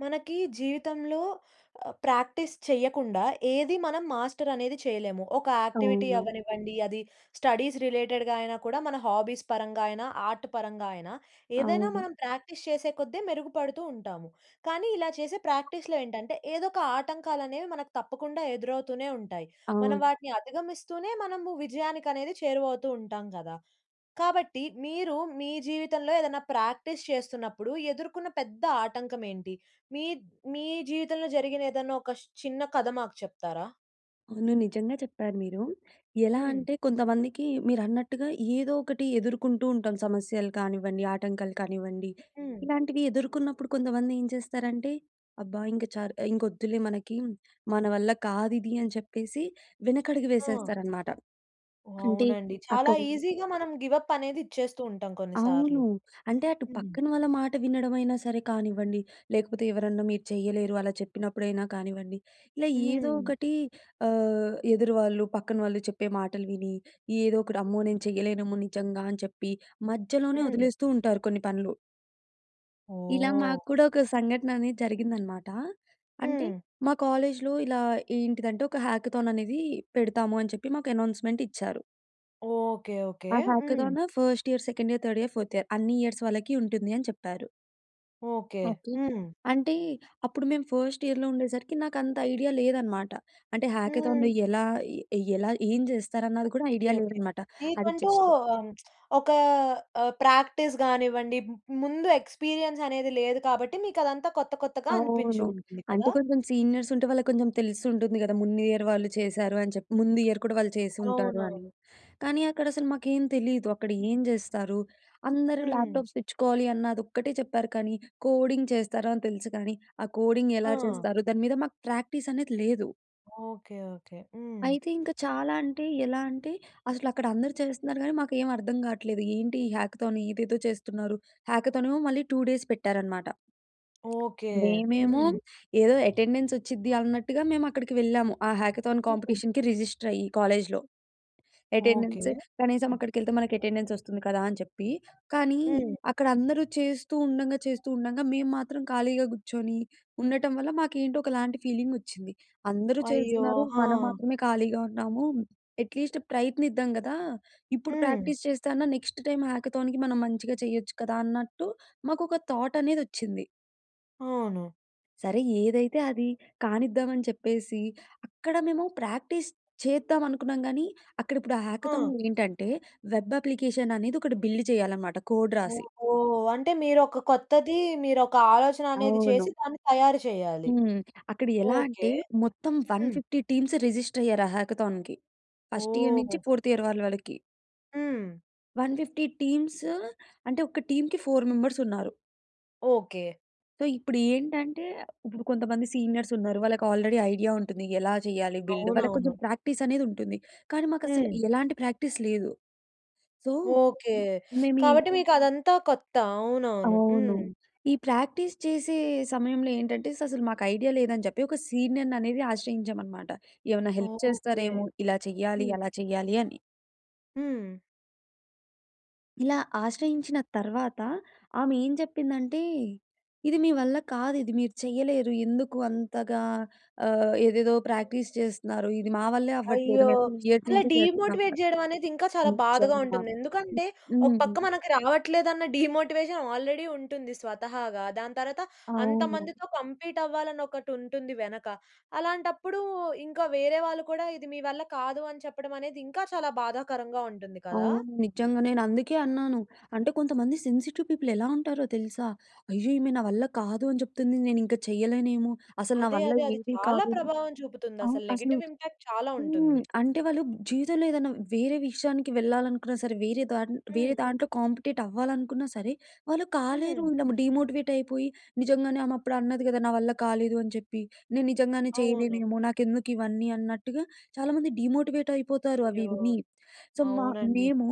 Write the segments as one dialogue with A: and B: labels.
A: మనకీ జీవితంలో ప్రాక్టీస్ చెయ్యకుండా ఏది మనం మాస్టర్ అనేది చేయలేము. ఒక యాక్టివిటీ
B: అవును.
A: అవ్వనివ్వండి, అది స్టడీస్ రిలేటెడ్‌గా అయినా కూడా మన హాబీస్ పరంగా అయినా ఆర్ట్ పరంగా అయినా ఏదైనా
B: అవును.
A: మనం ప్రాక్టీస్ చేసే కొద్ది మెరుగుపడుతూ ఉంటాము. కానీ ఇలా చేసే ప్రాక్టీస్‌లో ఏంటంటే ఏదో ఒక ఆటంకాలనేవి మనకు తప్పకుండా ఎదురవుతూనే ఉంటాయి. మనం
B: అవును.
A: వాటిని అధగమిస్తూనే మనము విజయానికనేది చేరువౌతూ ఉంటాం కదా! కాబట్టి మీరు మీ జీవితంలో ఏదైనా ప్రాక్టీస్ చేస్తున్నప్పుడు ఎదుర్కొన్న పెద్ద ఆటంకం ఏంటి? మీ మీ జీవితంలో జరిగిన ఏదైనా ఒక చిన్న కథ మాకు చెప్తారా?
B: అవును. నిజంగా చెప్పారు మీరూ. ఎలా
A: హ్మ్.
B: అంటే కొంతమందికి మీరన్నట్టుగా ఏదో ఒకటి ఎదుర్కుంటూ ఉంటాం సమస్యలు కానివ్వండి, ఆటంకాలు కానివ్వండి.
A: హ్మ్.
B: ఇలాంటివి ఎదుర్కొన్నప్పుడు కొంతమందేంచేస్తారంటే అబ్బా! ఇంక చాలు ఇంకొద్దులే మనకీ, మన వల్ల కాదిది అని చెప్పేసి వెనకడుగు
A: హ్మ్.
B: వేసేస్తారన్నమాట. అంటే
A: అవునండి. చాలా
B: అక్కడ
A: ఈజీగా మనం గివ్ అప్ అనేది ఇచ్చేస్తూ ఉంటాం కొన్ని సార్లు.
B: అవును. అంటే అటు
A: హ్మ్.
B: పక్కన వాళ్ళ మాట వినడమైనా సరే కానివ్వండి, లేకపోతే ఎవరన్నా మీరు చేయలేరు అలా చెప్పినప్పుడైనా కానివ్వండి. ఇలా ఏదో
A: హ్మ్.
B: ఒకటీ ఆహ్, ఎదురువాళ్ళు పక్కన వాళ్ళు చెప్పే మాటలు విని, ఏదో ఒకటి "అమ్మో! నేను చేయలేనేమో నిజంగా" అని చెప్పి మధ్యలోనే
A: హ్మ్.
B: వదిలేస్తూ ఉంటారు కొన్ని పనులు. ఇలా
A: ఓహ్!
B: మాకు కూడా, ఒక సంఘటన అనేది జరిగిందనమాట. అంటే,
A: హ్మ్.
B: మా కాలేజ్‌లో ఇలా ఏంటిదంటే, ఒక హ్యాకథాన్ అనేది పెడతాము అని చెప్పి, మాకు అనౌన్స్‌మెంట్ ఇచ్చారు.
A: Okay, okay.
B: ఆ
A: హ్మ్.
B: Hackathon first year, second year, third year, fourth year అన్ని ఇయర్స్ వాళ్ళకి ఉంటుంది అని చెప్పారు.
A: ఓకే.
B: ఓకే.
A: హ్మ్.
B: అంటే అప్పుడు మేము ఫస్ట్ ఇయర్‌లో ఉండేసరికి, నాకు అంత ఐడియా లేదు అన్నమాట. అంటే హాకథాన్‌లో
A: హ్మ్.
B: ఎలా? ఎలా, ఏం చేస్తారు? అన్నది కూడా
A: ఓకే,
B: ఐడియా
A: ఓకే.
B: లేదన్నమాట. అది
A: మీకంటూ
B: జస్ట్
A: ఆహ్, ఒక ఆహ్, ప్రాక్టీస్ కానివ్వండి, ముందు ఎక్స్‌పీరియన్స్ అనేది లేదు కాబట్టి, మీకు అదంతా కొత్త కొత్తగా అనిపించి
B: అవును.
A: ఉంటుంది
B: అంటే
A: కదా!
B: కొంచెం సీనియర్స్ ఉంటే, వాళ్ళకి కొంచెం తెలిసి ఉంటుంది కదా! ముందు ఇయర్ వాళ్ళు చేశారు అని చెప్పి. ముందు ఇయర్ కూడా వాళ్ళు చేసి ఉంటారు అని.
A: అవునవును.
B: కానీ అక్కడ అసలు మాకేం తెలీదు. అక్కడ ఏం చేస్తారు, "అందరూ
A: హ్మ్.
B: ల్యాప్‌టాప్స్ తెచ్చుకోవాలి, అన్న అది ఒక్కటే చెప్పారు" కాని, కోడింగ్ చేస్తారు అని తెలుసు కానీ, ఆ కోడింగ్ ఎలా
A: ఆ!
B: చేస్తారు? దాని మీద మాకు ప్రాక్టీస్ అనేది లేదు.
A: Okay, okay. హ్మ్.
B: అయితే ఇంకా చాలా అంటే, ఎలా అంటే, అసలు అక్కడ అందరూ చేస్తున్నారు కానీ, మాకు ఏమి అర్థం గాట్లేదు. ఏంటి ఈ హ్యాకథాన్ ఏదేదో చేస్తున్నారు. హ్యాకథాను మళ్ళీ 2 డేస్ పెట్టారనమాట.
A: ఓకే.
B: మేమేమో,
A: హ్మ్.
B: ఏదో అటెండెన్స్ వచ్చిద్ది అన్నట్టుగా, మేము అక్కడికి వెళ్ళాము. ఆ హ్యాకథాన్ కాంపిటీషన్‌కి, రిజిస్టర్ అయ్యి కాలేజ్‌లో.
A: ఓకే.
B: అటెండెన్స్ కనీసం అక్కడికి వెళ్తే మనకు అటెండెన్స్ వస్తుంది కదా! అని చెప్పి. కానీ,
A: హ్మ్.
B: అక్కడ అందరూ చేస్తూ ఉండంగా, చేస్తూ ఉండంగా, మేము మాత్రం ఖాళీగా కూర్చొని ఉండటం వల్ల, మాకు ఏంటో ఒకలాంటి ఫీలింగ్ వచ్చింది. అందరూ
A: అయ్యో!
B: చేస్తున్నారు,
A: హా!
B: మనం మాత్రమే ఖాళీగా ఉన్నాము. అట్‌లీస్ట్ ప్రయత్నిద్దాం కదా! ఇప్పుడు
A: హ్మ్.
B: ప్రాక్టీస్ చేస్తే అన్నా, నెక్స్ట్ టైమ్ హ్యాకథాన్‌కి మనం మంచిగా చేయొచ్చు కదా! అన్నట్టు మాకొక థాట్ అనేది వచ్చింది.
A: అవును.
B: సరే ఏదైతే అది కానిద్దాం అని చెప్పేసి అక్కడ మేము ప్రాక్టీస్ చేద్దాం అనుకున్నాం గానీ, అక్కడ ఇప్పుడు ఆ
A: ఆ!
B: హాకథాన్‌లో ఏంటంటే, వెబ్ అప్లికేషన్ అనేది ఒకటి బిల్డ్ చేయాలి అన్నమాట కోడ్ రాసి.
A: ఓహో! అంటే మీరు ఒక కొత్తది, మీరు ఒక ఆలోచన అనేది చేసి
B: అవును.
A: దాన్ని తయారు చేయాలి.
B: హ్మ్. అక్కడ ఎలా అంటే,
A: ఓకే.
B: మొత్తం వన్
A: హ్మ్.
B: ఫిఫ్టీ టీమ్స్ రిజిస్టర్ అయ్యారు ఆ హాకథాన్‌కి. ఫస్ట్ ఇయర్ నుంచి
A: ఓహూ!
B: ఫోర్త్ ఇయర్ వాళ్ళ వరకి.
A: హ్మ్.
B: 150 టీమ్సు అంటే, ఒక టీమ్‌కి, 4 మెంబర్స్ ఉన్నారు.
A: ఓకే.
B: సో, ఇప్పుడు ఏంటంటే, ఇప్పుడు కొంతమంది సీనియర్స్ ఉన్నారు. వాళ్ళకి ఆల్రెడీ ఐడియా ఉంటుంది. ఎలా చేయాలి బిల్డ్, వాళ్ళకి
A: అవునవును.
B: కొంచెం ప్రాక్టీస్ అనేది ఉంటుంది. కానీ, మాకు అసలు
A: హ్మ్.
B: ఎలాంటి ప్రాక్టీస్ లేదు. So,
A: okay.
B: మేము ఈ
A: కాబట్టి మీకు అదంతా కొత్త. అవునవును.
B: అవును.
A: హ్మ్.
B: ఈ ప్రాక్టీస్ చేసే సమయంలో ఏంటంటే, అసలు మాకు ఐడియా లేదు అని చెప్పి, ఒక సీనియర్‌ని అనేది ఆశ్రయించాం అన్నమాట. ఏమైనా హెల్ప్
A: ఓకే.
B: చేస్తారేమో! ఇలా చేయాలి,
A: హ్మ్.
B: అలా చేయాలి అని.
A: హ్మ్.
B: ఇలా ఆశ్రయించిన తరువాత ఆమె ఏం చెప్పిందంటే, "ఇది మీ వల్ల కాదు. ఇది మీరు చేయలేరు. ఎందుకు అంతగా ఆహ్, ఏదేదో ప్రాక్టీస్ చేస్తున్నారు, ఇది మా వల్లే అవ్వట్లేదు
A: అయ్యో!
B: మేం 3 ఇయర్స్
A: అలా
B: నుంచి చేస్తున్నాం."
A: డీమోటివేట్ చేయడం అనేది ఇంకా చాలా బాధగా
B: నిజంగా.
A: ఉంటుంది. ఎందుకంటే, ఒక పక్క
B: హ్మ్.
A: మనకు రావట్లేదన్న డీమోటివేషన్ ఆల్రెడీ ఉంటుంది స్వతహాగా. దాని తర్వాత,
B: అవును.
A: అంతమందితో కంప్లీట్ అవ్వాలని ఒకటి ఉంటుంది వెనక. అలాంటప్పుడు ఇంక వేరే వాళ్ళు కూడా, "ఇది మీ వల్ల కాదు" అని చెప్పడం అనేది ఇంకా చాలా బాధాకరంగా ఉంటుంది కదా!
B: అవును. నిజంగా నేను అందుకే అన్నాను. అంటే, కొంతమంది సెన్సిటివ్ పీపుల్ ఎలా ఉంటారో తెలుసా? అయ్యో! ఈమె నా వల్ల కాదు అని చెప్తుంది నేను ఇంకా చేయలేనేమో! అసలు నా
A: అదే,
B: వల్ల
A: అదే. అది
B: ఏది
A: చాలా
B: కాదు
A: ప్రభావం చూపుతుంది.
B: ఆవ్
A: అసల
B: అసలు
A: నెగెటివ్ ఇంపాక్ట్ చాలా
B: హ్మ్.
A: ఉంటుంది.
B: అంటే, వాళ్ళు జీవితంలో ఏదైనా వేరే విషయానికి వెళ్ళాలనుకున్నా సరే, వేరే ద వేరే
A: హ్మ్.
B: దాంట్లో కాంపెటేట్ అవ్వాలనుకున్నా సరే, వాళ్ళు
A: హ్మ్.
B: కాలేరు. డీమోటివేట్ అయిపోయి, నిజంగానే ఆమె అప్పుడు అన్నది కదా! నా వల్ల కాలేదు అని చెప్పి. నేను నిజంగానే
A: అవును.
B: చేయలేనేమో! నాకెందుకు ఇవన్నీ, అన్నట్టుగా చాలామంది డీమోటివేట్ అయిపోతారు అవి
A: అయ్యో!
B: విని. సో, మ
A: అవునండి.
B: మేము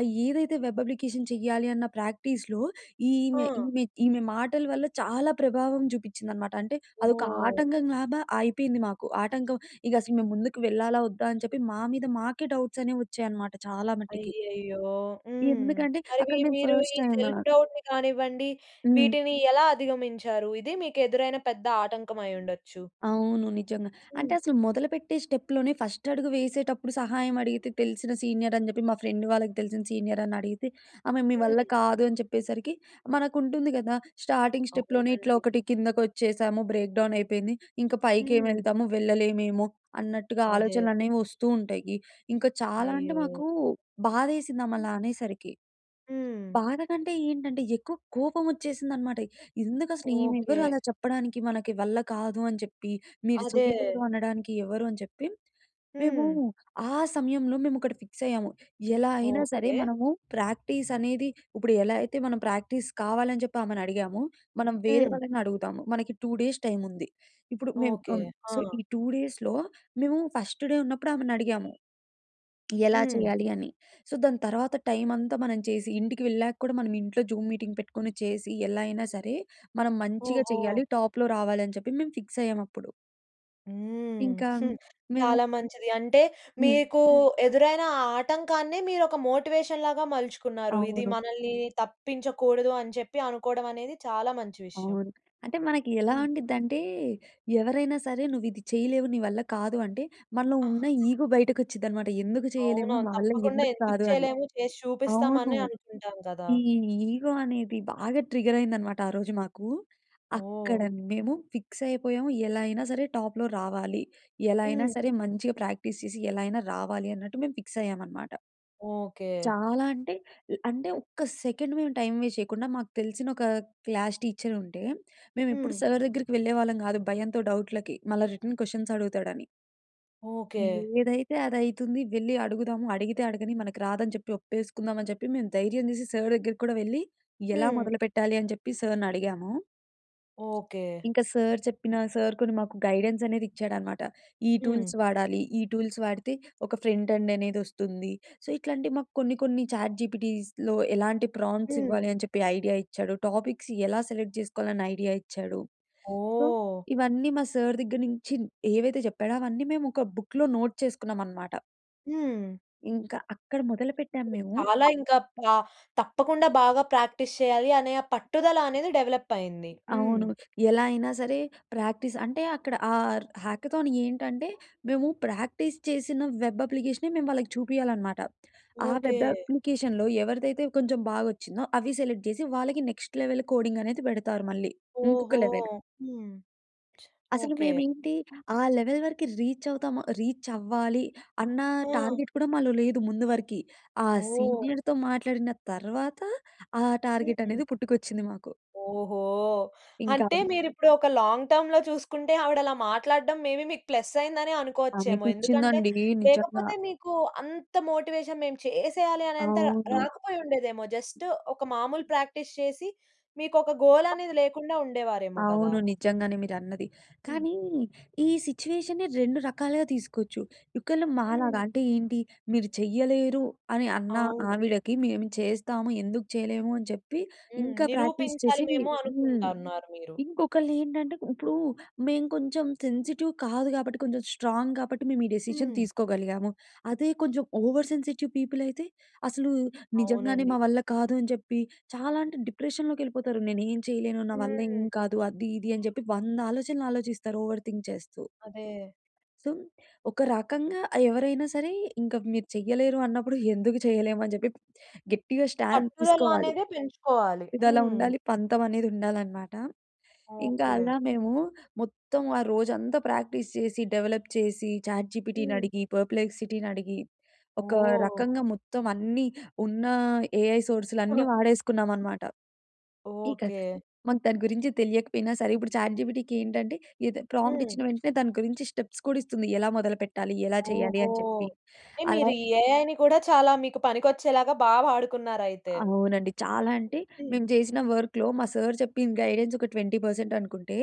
B: అయి ఏదైతే వెబ్ అప్లికేషన్ చెయ్యాలి అన్న ప్రాక్టీస్‌లో ఈమె
A: ఆ!
B: ఈమె ఈమె మాటల వల్ల చాలా ప్రభావం చూపించింది అన్నమాట. అంటే, అదొక
A: ఓహ్!
B: ఆటంకం లాగా అయిపోయింది మాకు. ఆటంకం ఇక అసలు మేము ముందుకు వెళ్ళాలా వద్దా, అని చెప్పి మా మీద మాకే డౌట్స్ అనేవి వచ్చాయి అన్నమాట చాలా మట్టికి.
A: అయ్యయ్యో! హ్మ్.
B: ఎందుకంటే
A: మరి మీ
B: అక్కడ మేము
A: మీరు
B: ఫస్ట్
A: ఈ
B: టైమ్
A: సెల్ఫ్ డౌట్‌ని కానివ్వండి
B: హ్మ్.
A: వీటిని ఎలా అధిగమించారు? ఇది మీకు ఎదురైన పెద్ద ఆటంకం అయి ఉండొచ్చు.
B: అవును. నిజంగా. అంటే
A: హ్మ్.
B: అసలు మొదలుపెట్టే స్టెప్‌లోనే ఫస్ట్ అడుగు వేసేటప్పుడు సహాయం అడిగితే తెలిసిన సీనియర్ అని చెప్పి. మా ఫ్రెండ్ వాళ్ళకి తెలిసిన సీనియర్ అని అడిగితే ఆమె, "మీ వల్ల
A: హ్మ్.
B: కాదు" అని చెప్పేసరికి మనకు ఉంటుంది కదా! స్టార్టింగ్ స్టెప్‌లోనే ఇట్లా
A: అవునండి.
B: ఒకటి కిందకి వచ్చేసాము. బ్రేక్ డౌన్ అయిపోయింది. ఇంకా పైకి ఏమి
A: హ్మ్.
B: వెళ్తాము వెళ్లేమేమో! అన్నట్టుగా
A: అదే.
B: ఆలోచనలు అనేవి వస్తూ ఉంటాయి. ఇంకా చాలా అంటే,
A: అయ్యో!
B: మాకు బాధ వేసింది ఆమె అలా అనేసరికి...
A: హ్మ్.
B: బాధ కంటే ఏంటంటే, ఎక్కువ కోపం వచ్చేసింది అన్నమాట. ఎందుకు అసలు ఈమె
A: ఓకే.
B: ఎవరు అలా చెప్పడానికి, మనకి వల్ల కాదు అని చెప్పి. మీరు
A: అదే.
B: చేయలేదు అనడానికి ఎవరు, అని చెప్పి. మేము
A: హ్మ్.
B: ఆ సమయంలో మేము ఒకటి ఫిక్స్ అయ్యాము. ఎలా అయినా సరే,
A: ఓకే.
B: మనము ప్రాక్టీస్ అనేది ఇప్పుడు ఎలా అయితే మనం ప్రాక్టీస్ కావాలి అని చెప్పి ఆమెను అడిగామో మనం వేరే
A: హ్మ్.
B: వాళ్ళని అడుగుదాము. మనకి 2 డేస్ టైమ్ ఉంది. ఇప్పుడు మేము
A: ఓకే.
B: ఆహ్,
A: ఆ!
B: సో, ఈ 2 డేస్‌లో మేము ఫస్ట్ డే ఉన్నప్పుడు ఆమెని అడిగాము. ఎలా
A: హ్మ్.
B: చేయాలి అని. సో, దాని తర్వాత టైమ్ అంతా మనం చేసి, ఇంటికి వెళ్ళాక కూడా మనం ఇంట్లో జూమ్ మీటింగ్ పెట్టుకొని చేసి, ఎలా అయినా సరే మనం మంచిగా
A: ఓహో!
B: చేయాలి. టాప్‌లో రావాలి అని చెప్పి మేము ఫిక్స్ అయ్యాం అప్పుడు.
A: హ్మ్.
B: ఇంకా మేము
A: చాలా మంచిది. అంటే
B: హ్మ్.
A: మీకూ ఎదురైన ఆటంకాన్ని మీరొక మోటివేషన్‌లాగా మలుచుకున్నారు. ఇది
B: అవును.
A: మనల్ని తప్పించకూడదు, అని చెప్పి అనుకోవడం అనేది చాలా మంచి విషయం.
B: అవును. అంటే మనకి ఎలా
A: హ్మ్.
B: ఉండిద్దంటే, ఎవరైనా సరే నువ్విది చేయలేవు, నీ వల్ల కాదు అంటే, మనలో
A: ఆహా!
B: ఉన్న ఈగో బయటకొచ్చిద్దనమాట. ఎందుకు చేయలేము,
A: అవునవును.
B: మా వల్ల
A: తప్పకుండా
B: ఎందుకు
A: ఎందుకు
B: కాదు అని.
A: చేయలేము, చేసి
B: అవును.
A: చూపిస్తామనే అనుకుంటాం గదా!
B: ఈ ఈగో అనేది బాగా ట్రిగరయిందనమాట ఆరోజు మాకు. అక్కడ
A: ఓహ్!
B: మేము ఫిక్సయిపోయాము, ఎలా అయినా సరే టాప్‌లో రావాలి. ఎలా అయినా
A: హ్మ్.
B: సరే మంచిగా ప్రాక్టీస్ చేసి, ఎలా అయినా రావాలి అన్నట్టు మేము ఫిక్సయ్యామనమాట...
A: ఓకే.
B: చాలా అంటే, అంటే ఒక్క సెకండ్ మేము టైం వేస్ట్ చేయకుండా, మాకు తెల్సినొక క్లాష్ టీచరుంటే, మేమెప్పుడు
A: హ్మ్.
B: సార్ దెగ్గరికి వెళ్ళేవాళ్ళం గాదు, భయంతో డౌట్‌లకి. మళ్ళా రిటర్న్ క్వషన్సడుగుతాడని...
A: ఓకే.
B: ఏదైతే అదయితుంది వెళ్లి అడుగుదాము, అడిగితే అడగని, మనకి రాదని చెప్పి ఒప్పేసుకుందామని చెప్పి, మేము ధైర్యం చేసి సార్ దెగ్గరకి కూడా వెళ్లి, ఎలా
A: హ్మ్.
B: మొదలు పెట్టాలి, అని చెప్పి సార్‌నడిగాము.
A: ఓకే.
B: ఇంక సార్ చెప్పిన సార్ కొన్ని మాకు గైడెన్సనేదిచ్చాడనమాట. ఈ
A: హ్మ్.
B: టూల్స్ వాడాలి, ఈ టూల్స్ వాడితే ఒక ఫ్రంట్ ఎండ్ అనేదొస్తుంది. సో, ఇట్లాంటివి మాకు కొన్ని, కొన్ని చాట్‌జీపీటీస్‌లో ఎలాంటి ప్రాంప్ట్స్
A: హ్మ్.
B: ఇవ్వాలి అని చెప్పి ఐడియా ఇచ్చాడు, టాపిక్స్ ఎలా సెలెక్ట్ జేసుకోవాలని ఐడియా ఇచ్చాడు. So,
A: oh!
B: ఇవన్నీ మా సార్ దెగ్గర నుంచి ఏవైతే చెప్పాడో అవన్నీ మేమోక బుక్‌లో నోట్ చేసుకున్నామనమాట.
A: హ్మ్.
B: ఇంకా అక్కడ మొదలుపెట్టాం మేము.
A: చాలా ఇంకా ప తప్పకుండా బాగా ప్రాక్టీస్ చేయాలి అనే పట్టుదల అనేది డెవలప్ అయింది. హ్మ్.
B: అవును. ఎలా అయినా సరే ప్రాక్టీస్ అంటే అక్కడ ఆ‌‌ర్ హ్యాకథాన్ ఏంటంటే మేము ప్రాక్టీస్ చేసిన వెబ్ అప్లికేష‌నే మేము వాళ్ళకి చూపియాలన్నమాట. ఆ
A: ఓకె.
B: వెబ్ అప్లికేషన్‌లో ఎవరిదైతే కొంచెం బాగొచ్చిందో అవి సెలెక్ట్ చేసి వాళ్ళకి నెక్స్ట్ లెవెల్ కోడింగ్ అనేది పెడతారు మళ్ళీ. ఇంకొక
A: ఓహో!
B: లెవెల్.
A: హ్మ్.
B: అసలు
A: ఓకె.
B: మేమేంటి ఆ లెవెల్ వరకి రీచ్ అవుతాము రీచ్ అవ్వాలి అన్న
A: ఆ!
B: టార్గెట్ కూడా మాలో లేదు ముందు వర‌కి. ఆ
A: ఓహ్!
B: సీనియర్‌తో మాట్లాడిన తర్వాత, ఆ టార్గెట్
A: హుహు.
B: అనేది పుట్టుకొచ్చింది మాకు.
A: ఓహో!
B: ఇంకా.
A: అంటే మీరు ఇప్పుడు ఒక లాంగ్ టర్మ్‌లో చూసుకుంటే ఆవిడ అలా మాట్లాడడం మేబీ మీకు ప్లస్ అయిందనే అనుకోవచ్చేమో. ఎందుకంటే,
B: అనిపించిందండి. నిజంగా.
A: లేకపోతే మీకు అంత మోటివేషన్ మేము చేసేయాలి అనే అంత ర
B: అవును.
A: రాకపోయిండేదేమో. జస్ట్ ఒక మామూలు ప్రాక్టీస్ చేసి, మీకు ఒక గోల్ అనేది లేకుండా ఉండేవారేమో కదా!
B: అవును. నిజంగానే మీరు అన్నది.
A: హ్మ్.
B: కానీ ఈ సిట్యుయేష‌నే రెండు రకాలుగా తీసుకోవచ్చు, ఒక్కలు మాలాగా
A: హ్మ్.
B: అంటే ఏంటి మీరు చేయలేరు అని అన్న
A: అవును.
B: ఆవిడకి "మేము చేస్తాము ఎందుకు చేయలేము" అని చెప్పి
A: హ్మ్.
B: ఇంకా ప్రాక్టీస్
A: నిరూపించాలి
B: చేసి,
A: మేము
B: హ్మ్.
A: అనుకుంటన్నారు మీరు.
B: ఇంకొకళ్ళు ఏంటంటే ఇప్పుడు మేము కొంచెం సెన్సిటివ్ కాదు కాబట్టి, కొంచెం స్ట్రాంగ్ కాబట్టి మేము ఈ డిసిషన్
A: హ్మ్.
B: తీసుకోగలిగాము. అదే కొంచెం ఓవర్ సెన్సిటివ్ పీపుల్ అయితే! అసలు నిజంగానే
A: అవునండి.
B: మా వల్ల కాదు అని చెప్పి చాలా అంటే డిప్రెషన్‌లోకి వెళ్ళిపోతారు. నేను ఏమి చేయలేను నా వల్ల ఏం
A: హ్మ్.
B: కాదు అది ఇది అని చెప్పి 100 ఆలోచనలు ఆలోచిస్తారు ఓవర్ థింక్ చేస్తూ.
A: అదే.
B: సో ఒక రకంగా ఆ ఎవరైనా సరే ఇంక మీరు చేయలేరు అన్నప్పుడు, ఎందుకు చేయలేము అని చెప్పి గట్టిగా స్టాండ్
A: పట్టుదల
B: తీసుకోవాలి.
A: అనేదే పెంచుకోవాలి.
B: ఇదిలా
A: హ్మ్.
B: ఉండాలి, పంతం అనేది ఉండాలన్నమాట. ఇంకా
A: ఓకె.
B: అలా మేము మొత్తం ఆ రోజంతా ప్రాక్టీస్ చేసి డెవలప్ చేసి చాట్‌జీపిటీని
A: హ్మ్.
B: అడిగి పర్ప్లెక్సిటీని అడిగి ఒక
A: ఓహ్!
B: రకంగా మొత్తం అన్నీ ఉన్న ఏఐ సోర్స్‌లన్నీ వాడేసుకున్నామనమాట. ఇక
A: ఓకె.
B: మనకు దాని గురించి తెలియకపోయినా సరే ఇప్పుడు చాట్‌జీపిటీ ఏంటంటే ఎద ప్రాంప్ట్
A: హ్మ్.
B: ఇచ్చిన వెంటనే దాని గురించి స్టెప్స్ కూడా ఇస్తుంది ఎలా మొదలు పెట్టాలి, ఎలా చేయాలి
A: ఓహో!
B: అని చెప్పి.
A: అంటే
B: అలా
A: మీరు ఏఐని కూడా చాలా మీకు పనికొచ్చేలాగా బా వాడుకున్నారైతే.
B: అవునండి. చాలా అంటే
A: హ్మ్.
B: మేము చేసిన వర్క్‌లో మా సార్ చెప్పింది గైడెన్స్ ఒక 20% అనుకుంటే,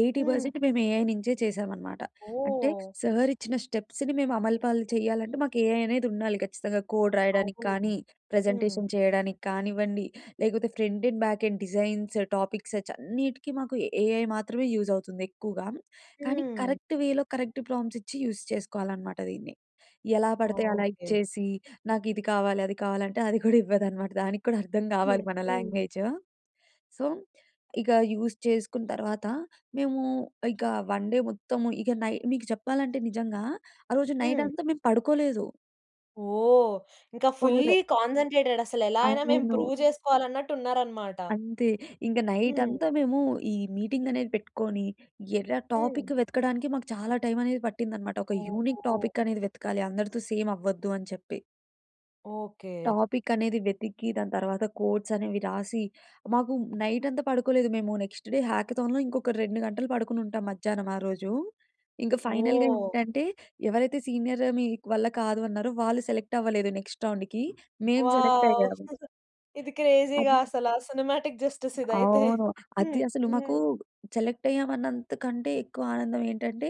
B: ఎయిటీ
A: హ్మ్.
B: పర్సెంట్ మేము ఏఐ నుంచే చేశాం అనమాట. అంటే
A: ఓహ్!
B: సార్ ఇచ్చిన స్టెప్స్‌ని మేము అమలుపాలు చేయాలంటే మాకు ఏఐ అనేది ఉండాలి ఖచ్చితంగా. కోడ్ రాయడానికి
A: అవును.
B: కానీ,
A: హ్మ్.
B: ప్రజెంటేషన్ చేయడానికి కానివ్వండి లేకపోతే front end, back end designs, topics చ్ అన్నిటికి మాకు ఏఐ మాత్రమే యూజ్ అవుతుంది. ఎక్కువగా కానీ
A: హ్మ్.
B: కరెక్ట్‌ వేలో, కరెక్ట్ ప్రాంప్ట్స్ ఇచ్చి యూజ్ చేసుకోవాలనమాట దీన్ని. ఎలా పడితే అలా
A: ఓకె.
B: ఇచ్చేసి నాకు ఇది కావాలి, అది కావాలి అంటే అది కూడా ఇవ్వదు అన్నమాట. దానికి కూడా అర్థం కావాలి
A: హ్మ్.
B: మన
A: హ్మ్.
B: లాంగ్వేజ్. సో ఇక యూజ్ చేసుకున్న తర్వాత మేము ఇక 1 డే మొత్తం ఇక నై మీకు చెప్పాలంటే నిజంగా ఆ రోజు నైట్
A: హ్మ్.
B: అంతా మేము పడుకోలేదు.
A: ఓహ్! ఇంక ఫుల్లీ
B: కోడ్ర్
A: కాన్సంట్రేటెడ్ అసలెలా అయినా మేము
B: అవును.
A: ప్రూవ్ చేసుకోవాలన్నట్టు ఉన్నారనమాట.
B: అంతే. ఇంక
A: హ్మ్.
B: నైటంతా మేమూ ఈ మీటింగ్ అనేది పెట్టుకోని, ఎరా
A: హ్మ్.
B: టాపిక్ వెతకడానికే మాకు చాలా టైమనేది పట్టిందనమాట. ఒక యూనిక్
A: ఓహో!
B: టాపిక్ అనేది వెతకాలి, అందరితో సేమవ్వద్దు అని చెప్పి.
A: ఓకే.
B: టాపిక్ అనేది వెతికి, దాని తరువాత కోడ్స్ అనేవి రాసి, మాకు నైటంతా పడుకోలేదు మేము. నెక్స్ట్ డే హాకథాన్‌లో ఇంకొక 2 గంటలు పడుకొనుంటాం మధ్యానం ఆ రోజూ. ఇంక ఫైనల్‌గా
A: ఓహ్!
B: ఏంటంటే, ఎవరైతే సీనియర్ మీ‌ వల్ల కాదు అన్నారో వాళ్ళు సెలెక్ట్ అవ్వలేదు నెక్స్ట్ రౌండ్‌కి. మేము
A: వావ్!
B: సెలెక్టయ్యాము.
A: ఇది క్రేజీ‌గా
B: అదీ
A: అసల. సినిమాటిక్ జస్టిస్ ఇదైతే.
B: అవును. అది
A: హ్మ్.
B: అసలు మాకూ
A: హ్మ్.
B: సెలక్టయ్యాం అన్నంతకంటే ఎక్కువ ఆనందం ఏంటంటే,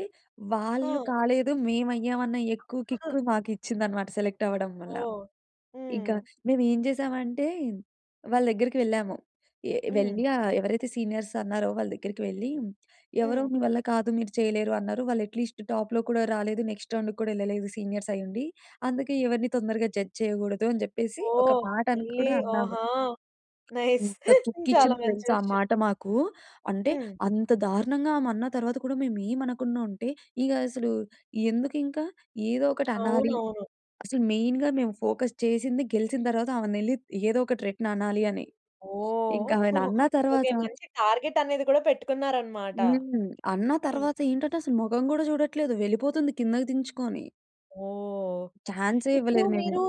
B: వాళ్ళు
A: ఆ!
B: కాలేదు, మేవయ్యామన్న ఎక్కువు
A: అ! ఆ!
B: కిక్కు మాకిచ్చిందనమాట సెలెక్ట్ అవ్వడం వల్ల.
A: ఓహ్!
B: ఇకా
A: హ్మ్.
B: మేమేం చేశామంటే, వాళ్ళ దగ్గరకి వెళ్ళాము. ఏ
A: హ్మ్.
B: వెళ్ళి ఆహ్, ఎవరైతే సీనియర్స్ అన్నారో వాళ్ళ దగ్గరికి వెళ్ళీ, ఎవరో
A: హ్మ్.
B: మీ వల్ల కాదు, మీరు చెయ్యలేరు అన్నారు. వాళ్ళు ఎట్ లీస్ట్ టాప్‌లో కూడా రాలేదు. నెక్స్ట్ రౌండుకు కూడా యెళ్ళలేదు సీనియర్సయ్యుండి. అందుకే ఎవరిని తొందరగా జడ్జ్ చెయ్యకూడదు అని చెప్పేసి ఒక
A: ఓహ్!
B: మాటను
A: యెళ్ళీ
B: కూడా అన్నాము.
A: ఆహా! నైస్.
B: ఎంత
A: చాలా
B: కిక్కిచ్చిందో
A: మంచి
B: తెలుసా ఆ
A: విషయం.
B: మాట మాకూ. అంటే,
A: హ్మ్.
B: అంత దారుణంగా ఆమన్న తర్వాత కూడా మేము ఏమనకుండా ఉంటే, ఇగా అసలూ ఎందుకింక? ఏదో ఒకటి అనాలి.
A: అవునవును.
B: అసలు మెయిన్‌గా మేము ఫోకస్ చేసింది గెలిచిన తరవాత ఆమను యెళ్లి ఏదో ఒకటి రిటన్ అనాలీ అని. ఇంకా
A: ఓహ్!
B: ఆమెని అన్నా
A: ఓకే.
B: తరవాత
A: మంచి టార్గెట్ అనేది కూడా పెట్టుకున్నారనమాట.
B: హ్మ్. అన్న
A: హ్మ్.
B: తర్వాత ఏంటంటె, అసల మొగం గూడా జూడట్లేదు, వెళ్ళిపోతుంది కిందకి దించుకోని.
A: ఓహ్!
B: ఛాన్సే
A: ఇప్పుడు
B: ఇవ్వలేదు మేము.
A: మీరు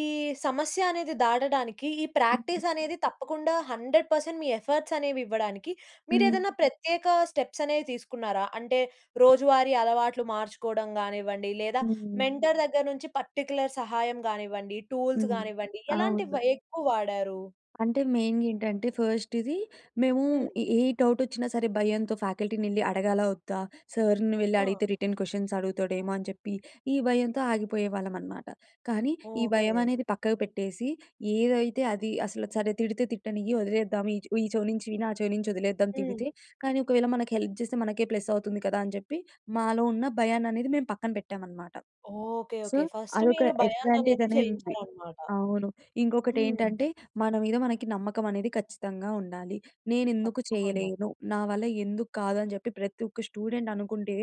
A: ఈ సమస్య అనేది దాటడానికి ఈ ప్రాక్టీస్ అనేది తప్పకుండా 100% మీ ఎఫర్ట్‌స్ అనేవి ఇవ్వడానికి మీరు
B: హ్మ్.
A: ఏదైనా ప్రత్యేక స్టెప్స్ అనేవి తీసుకున్నారా? అంటే రోజువారీ అలవాట్లు మార్చుకోవడం గానివ్వండి లేదా
B: హ్మ్.
A: మెంటర్ దగ్గర నుంచి పర్టిక్యులర్ సహాయం గానివ్వండి, టూల్స్
B: హ్మ్.
A: గానివ్వండి
B: అవును.
A: ఎలాంటివి ఎక్కువ వాడారు?
B: అంటే మెయిన్‌గా ఏంటంటే ఫస్ట్ ఇది మేము
A: హ్మ్.
B: ఏ ఏ డౌట్ వచ్చినా సరే భయంతో ఫ్యాకల్టీని వెళ్లి అడగాలా, వద్దా? సార్‌ని వెళ్లి
A: ఆ!
B: అడిగితే రిటర్న్ క్వశ్చన్స్ అడుగుతాడేమో అని చెప్పి ఈ భయంతో ఆగిపోయేవాళ్ళం అనమాట. కానీ ఈ భయం
A: ఓకే.
B: అనేది పక్కకు పెట్టేసి, ఏదైతే అది అసలు సరే తిడితే తిట్టనియ్యి వదిలేద్దాం. ఈ చెవ ఈ చెవి నుంచి విని ఆ చెవి నుంచి వదిలేద్దాం తిడితే.
A: హ్మ్.
B: కానీ ఒకవేళ మనకి హెల్ప్ చేస్తే మనకే ప్లస్ అవుతుంది కదా! అని చెప్పి మాలో ఉన్న భయాన్ని అనేది మేము పక్కన పెట్టామనమాట.
A: ఓకే.
B: So,
A: okay. ఫస్ట్
B: అదొక
A: మీరు భయాన్ని
B: అడ్వాంటేజ్
A: అనేది
B: అనేది ఉంది.
A: జేయించారన్నమాట.
B: అవును. ఇంకొకటి
A: హ్మ్.
B: ఏంటంటే మన మీద మనకి నమ్మకం అనేది ఖచ్చితంగా ఉండాలి. నేనెందుకు
A: తప్పకుండా.
B: చేయలేను? నా వల్ల ఎందుకు కాదు? అని చెప్పి ప్రతి ఒక్క స్టూడెంట్ అనుకుంటే,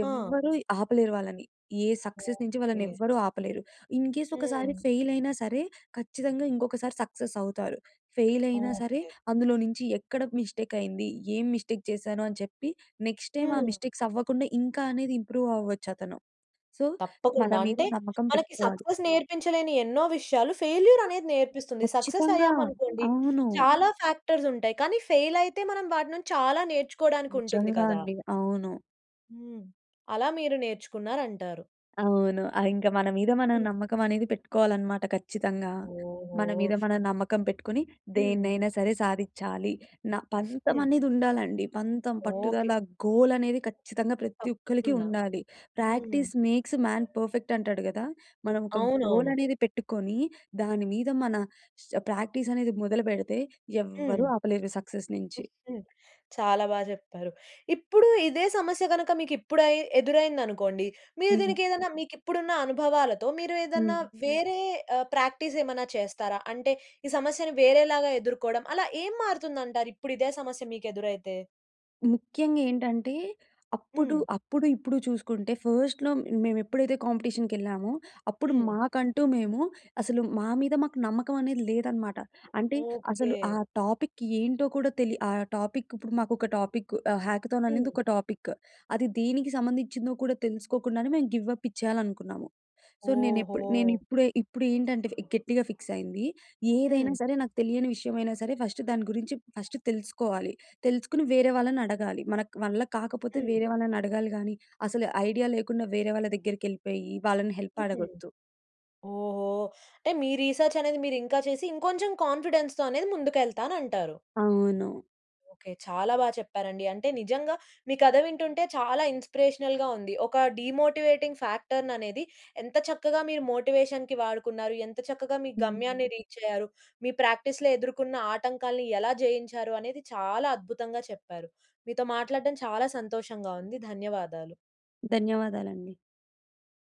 A: హా!
B: ఎవ్వరూ ఆపలేరు వాళ్ళని. ఏ సక్సెస్ నుంచి వాళ్ళని
A: ఓకే.
B: ఎవ్వరూ ఆపలేరు. ఇన్‌కేస్ ఒకసారి
A: హ్మ్.
B: ఫెయిల్ అయినా సరే ఖచ్చితంగా ఇంకొకసారి సక్సెస్ అవుతారు. ఫెయిల్ అయినా సరే
A: ఓకే.
B: అందులో నుంచి ఎక్కడ మిస్టేక్ అయింది? ఏం మిస్టేక్ చేశాను? అని చెప్పి నెక్స్ట్ టైమ్ ఆ
A: హ్మ్.
B: మిస్టేక్స్ అవ్వకుండా ఇంకా అనేది ఇంప్రూవ్ అవ్వచ్చు అతను. సో, మన
A: తప్పకుండా!
B: మీద
A: అంటే
B: నమ్మకం
A: మనకి
B: పెట్టుకోవాలి.
A: సక్సెస్ నేర్పించలేని ఎన్నో విషయాలు ఫెయిల్యూర్ అనేది నేర్పిస్తుంది. సక్సెస్
B: ఖచ్చితంగా.
A: అయ్యామనుకోండి
B: అవును.
A: చాలా ఫ్యాక్టర్స్ ఉంటాయి. కానీ ఫెయిల్ అయితే మనం వాటి నుంచి చాలా నేర్చుకోవడానికి ఉంటుంది
B: నిజంగా
A: కదా!
B: అండి. అవును.
A: హ్మ్. అలా మీరు నేర్చుకున్నారంటారు.
B: అవును. ఆహ్, ఇంకా మన మీద మనం నమ్మకం అనేది పెట్టుకోవాలనమాట ఖచ్చితంగా. మన మీద
A: ఓహో!
B: మనం నమ్మకం పెట్టుకొని
A: హ్మ్.
B: దేన్నైనా సరే సాధిచ్చాలి. న పంతం
A: హ్మ్.
B: అనేది ఉండాలండి. పంతం,
A: ఓకే.
B: పట్టుదల, గోల్ అనేది ఖచ్చితంగా ప్రతి ఒక్కళ్ళకి
A: తప్పకుండా.
B: ఉండాలి.
A: హ్మ్.
B: ప్రాక్టీస్ మేక్స్ మాన్ పర్ఫెక్ట్ అంటాడు కదా! మనం ఒక గోల్
A: అవునవును.
B: అనేది పెట్టుకొని దాని మీద మన శ్ ప్రాక్టీస్ అనేది మొదలుపెడితే ఎవ్వరూ
A: హ్మ్.
B: ఆపలేరు సక్సెస్ నుంచి.
A: చాలా బాగా జెప్పారు. ఇప్పుడు ఇదే సమస్య గనుక మీకు ఇప్పుడ ఎదురైంది అనుకోండి. మీరు
B: హ్మ్.
A: దీనికి ఏదైనా మీకు ఇప్పుడున్న అనుభవాలతో మీరు ఏదన్నా
B: హ్మ్.
A: వేరే ఆహ్ ప్రాక్టీస్ ఏమన్నా చేస్తారా? అంటే ఈ సమస్యని వేరేలాగా ఎదుర్కోవడం. అలా ఏం మారుతుంది అంటారు ఇప్పుడు ఇదే సమస్య మీకు ఎదురైతే?
B: ముఖ్యంగా ఏంటంటే అప్పుడు,
A: హ్మ్.
B: అప్పుడు, ఇప్పుడు చూసుకుంటే ఫస్ట్‌లో మేము ఎప్పుడైతే కాంపిటీషన్‌కీ ఎళ్ళామో, అప్పుడు
A: హ్మ్.
B: మాకంటూ మేము అసలు మా మీద మాకు నమ్మకం అనేది లేదన్నమాట. అంటే అసలు ఆ
A: ఓకే.
B: టాపిక్ ఏంటో కూడా తెలి ఆ టాపిక్ ఇప్పుడు మాకు ఒక టాపిక్ ఆహ్, హ్యాకథాన్
A: హ్మ్.
B: అనేది ఒక టాపిక్. అది దేనికి సంబంధించిదో కూడా తెలుసుకోకుండానే మేము గివ్ అప్ ఇచ్చేయాలనుకున్నాము. సో, నేను ఎప్పు నేను
A: ఓహో!
B: ఇప్పుడే ఇప్పుడు ఏంటంటే ఫ్ గట్టిగా ఫిక్స్ అయింది. ఏదైనా
A: హ్మ్.
B: సరే నాకు తెలియని విషయమైనా సరే, ఫస్ట్ దాని గురించి ఫస్ట్ తెలుసుకోవాలి. తెలుసుకుని వేరే వాళ్ళని అడగాలి. మన క వల్ల కాకపోతే
A: హ్మ్.
B: వేరే వాళ్ళని అడగాలి గానీ, అసలు ఐడియా లేకుండా వేరే వాళ్ళ దగ్గరికి ఎళ్ళిపోయి వాళ్ళని హెల్ప్
A: హుహు.
B: అడగొద్దు.
A: ఓహో! అంటే మీ రీసర్చ్ అనేది మీరు ఇంకా చేసి ఇంకొంచెం కాన్‌ఫిడెన్స్‌‌తో అనేది ముందుకు ఎళ్తాను అంటారు.
B: అవును.
A: ఓకే. చాలా బా చెప్పారండి. అంటే నిజంగా మీ కథ వింటుంటే చాలా ఇన్స్‌పిరేషనల్‌గా ఉంది. ఒక డీమోటింగ్ ఫ్యాక్టర్ ననేది ఎంత చక్కగా మీరు మోటివేషన్‌కి వాడుకున్నారు. ఎంత చక్కగా మీ
B: హ్మ్.
A: గమ్యాన్ని రీచ్ అయ్యారు. మీ ప్రాక్టిస్‌లో ఎదుర్కొన్న ఆటంకాల్ని ఎలా జయించారు? అనేది చాలా అద్భుతంగా చెప్పారు. మీతో మాట్లాడడం చాలా సంతోషంగా ఉంది. ధన్యవాదాలు.
B: ధన్యవాదాలండి.